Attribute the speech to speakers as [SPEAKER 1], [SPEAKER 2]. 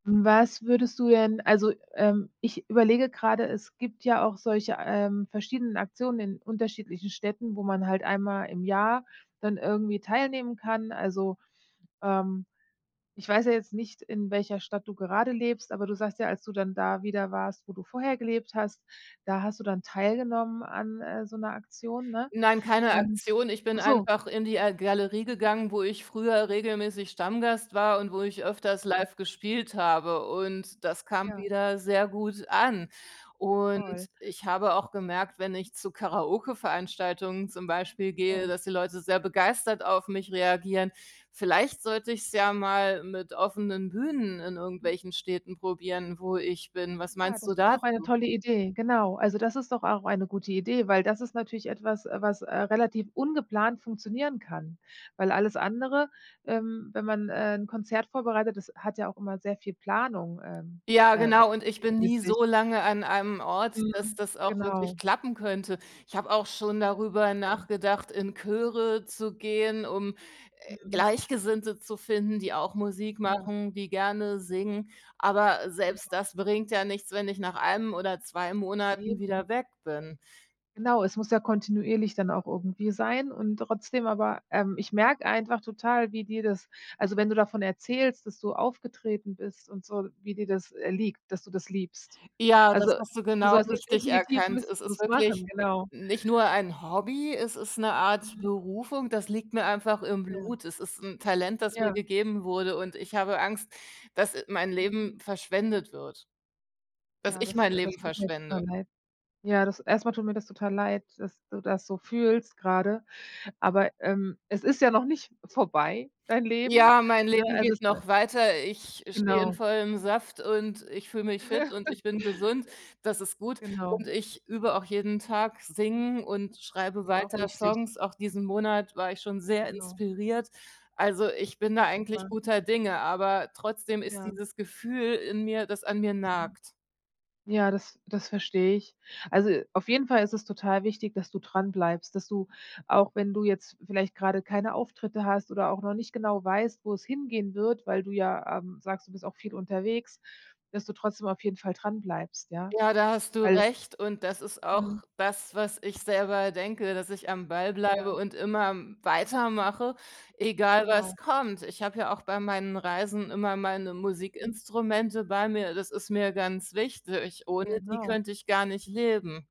[SPEAKER 1] Was würdest du denn also, ähm, ich überlege gerade, es gibt ja auch solche, ähm, verschiedenen Aktionen in unterschiedlichen Städten, wo man halt einmal im Jahr dann irgendwie teilnehmen kann. Also, ähm, ich weiß ja jetzt nicht, in welcher Stadt du gerade lebst, aber du sagst ja: „Als du dann da wieder warst, wo du vorher gelebt hast, da hast du dann teilgenommen an, äh, so 'ner Aktion“, ne?
[SPEAKER 2] Nein, keine
[SPEAKER 1] Und
[SPEAKER 2] Aktion. Ich
[SPEAKER 1] ach
[SPEAKER 2] bin
[SPEAKER 1] so.
[SPEAKER 2] einfach in die, äh, Galerie gegangen, wo ich früher regelmäßig Stammgast war und wo ich öfters
[SPEAKER 1] Ach so.
[SPEAKER 2] live gespielt habe. Und das kam
[SPEAKER 1] Ja.
[SPEAKER 2] wieder sehr gut an. Und
[SPEAKER 1] Toll.
[SPEAKER 2] ich habe auch gemerkt, wenn ich zu Karaoke-Veranstaltungen zum Beispiel gehe,
[SPEAKER 1] Ja.
[SPEAKER 2] dass die Leute sehr begeistert auf mich reagieren. Vielleicht sollte ich es ja mal mit offenen Bühnen in irgendwelchen Städten probieren, wo ich bin. Was
[SPEAKER 1] Ja,
[SPEAKER 2] meinst
[SPEAKER 1] das
[SPEAKER 2] du
[SPEAKER 1] ist doch eine
[SPEAKER 2] dazu?
[SPEAKER 1] tolle Idee, genau. Also, das ist doch auch eine gute Idee, weil das ist natürlich etwas, was, äh, relativ ungeplant funktionieren kann. Weil alles andere, ähm wenn man, äh, 'n Konzert vorbereitet, das hat ja auch immer sehr viel Planung, ähm,
[SPEAKER 2] Ja,
[SPEAKER 1] äh,
[SPEAKER 2] genau. Und ich
[SPEAKER 1] w
[SPEAKER 2] bin
[SPEAKER 1] mit
[SPEAKER 2] nie
[SPEAKER 1] sich.
[SPEAKER 2] so lange an einem Ort, dass
[SPEAKER 1] Mhm.
[SPEAKER 2] das auch wirklich
[SPEAKER 1] Genau.
[SPEAKER 2] klappen könnte. Ich habe auch schon darüber
[SPEAKER 1] [unintelligible]
[SPEAKER 2] nachgedacht, in Chöre zu gehen, um, äh,
[SPEAKER 1] Mhm.
[SPEAKER 2] Gleichgesinnte zu finden, die auch Musik
[SPEAKER 1] Ja.
[SPEAKER 2] machen, die gerne singen. Aber
[SPEAKER 1] Genau.
[SPEAKER 2] selbst das bringt ja nichts, wenn ich nach 1 oder 2 Monaten
[SPEAKER 1] Eben.
[SPEAKER 2] wieder weg bin.
[SPEAKER 1] Genau, es muss ja kontinuierlich dann auch irgendwie sein und trotzdem, aber, ähm ich merke einfach total, wie dir das also wenn du davon erzählst, dass du aufgetreten bist und so, wie dir das, äh, liegt, dass du das liebst.
[SPEAKER 2] Ja, das
[SPEAKER 1] Also
[SPEAKER 2] hast du
[SPEAKER 1] du
[SPEAKER 2] genau
[SPEAKER 1] sollst es
[SPEAKER 2] richtig
[SPEAKER 1] definitiv
[SPEAKER 2] erkannt.
[SPEAKER 1] [unintelligible]
[SPEAKER 2] Es ist
[SPEAKER 1] machen,
[SPEAKER 2] wirklich
[SPEAKER 1] genau.
[SPEAKER 2] nicht nur ein Hobby, es ist 'ne Art
[SPEAKER 1] Mhm.
[SPEAKER 2] Berufung, das liegt mir einfach im
[SPEAKER 1] Ja.
[SPEAKER 2] Blut. Es ist 'n Talent, das mir
[SPEAKER 1] Ja.
[SPEAKER 2] gegeben wurde, und ich habe Angst, dass mein
[SPEAKER 1] Mhm.
[SPEAKER 2] Leben verschwendet wird, dass
[SPEAKER 1] Ja
[SPEAKER 2] ich
[SPEAKER 1] das,
[SPEAKER 2] mein
[SPEAKER 1] äh das
[SPEAKER 2] Leben
[SPEAKER 1] tut mir jetzt
[SPEAKER 2] verschwende.
[SPEAKER 1] aber leid. Ja das erst einmal tut mir das total leid, dass du das so fühlst gerade, aber, ähm, es ist ja noch nicht vorbei dein Leben.
[SPEAKER 2] Ja, mein
[SPEAKER 1] Ne
[SPEAKER 2] Leben
[SPEAKER 1] es
[SPEAKER 2] geht
[SPEAKER 1] ist, äh
[SPEAKER 2] noch weiter. Ich stehe in
[SPEAKER 1] Genau.
[SPEAKER 2] vollem Saft und ich fühle mich fit und ich bin gesund. Das ist gut.
[SPEAKER 1] Genau.
[SPEAKER 2] Und ich übe auch jeden Tag Singen und schreibe
[SPEAKER 1] Auch
[SPEAKER 2] weiter
[SPEAKER 1] wichtig.
[SPEAKER 2] Songs. Auch diesen Monat war ich schon sehr
[SPEAKER 1] Genau.
[SPEAKER 2] inspiriert. Also ich bin da eigentlich
[SPEAKER 1] Super.
[SPEAKER 2] guter Dinge, aber trotzdem ist
[SPEAKER 1] Ja.
[SPEAKER 2] dieses Gefühl in mir, das an mir
[SPEAKER 1] Mhm.
[SPEAKER 2] nagt.
[SPEAKER 1] Ja das das verstehe ich. Also, auf jeden Fall ist es total wichtig, dass du dranbleibst, dass du, auch wenn du jetzt vielleicht gerade keine Auftritte hast oder auch noch nicht genau weißt, wo es hingehen wird, weil du ja, ähm, sagst: „Du bist auch viel unterwegs“, dass du trotzdem auf jeden Fall dranbleibst, ja?
[SPEAKER 2] Ja, da hast du
[SPEAKER 1] Weil
[SPEAKER 2] recht und das ist
[SPEAKER 1] Mhm.
[SPEAKER 2] auch das, was ich selber denke, dass ich am Ball bleibe
[SPEAKER 1] Ja.
[SPEAKER 2] und immer, hm, weitermache, egal
[SPEAKER 1] Genau.
[SPEAKER 2] was kommt. Ich habe ja auch bei meinen Reisen immer meine
[SPEAKER 1] Hm.
[SPEAKER 2] Musikinstrumente bei mir, das ist mir ganz wichtig, ohne die
[SPEAKER 1] Genau.
[SPEAKER 2] könnte ich gar nicht leben.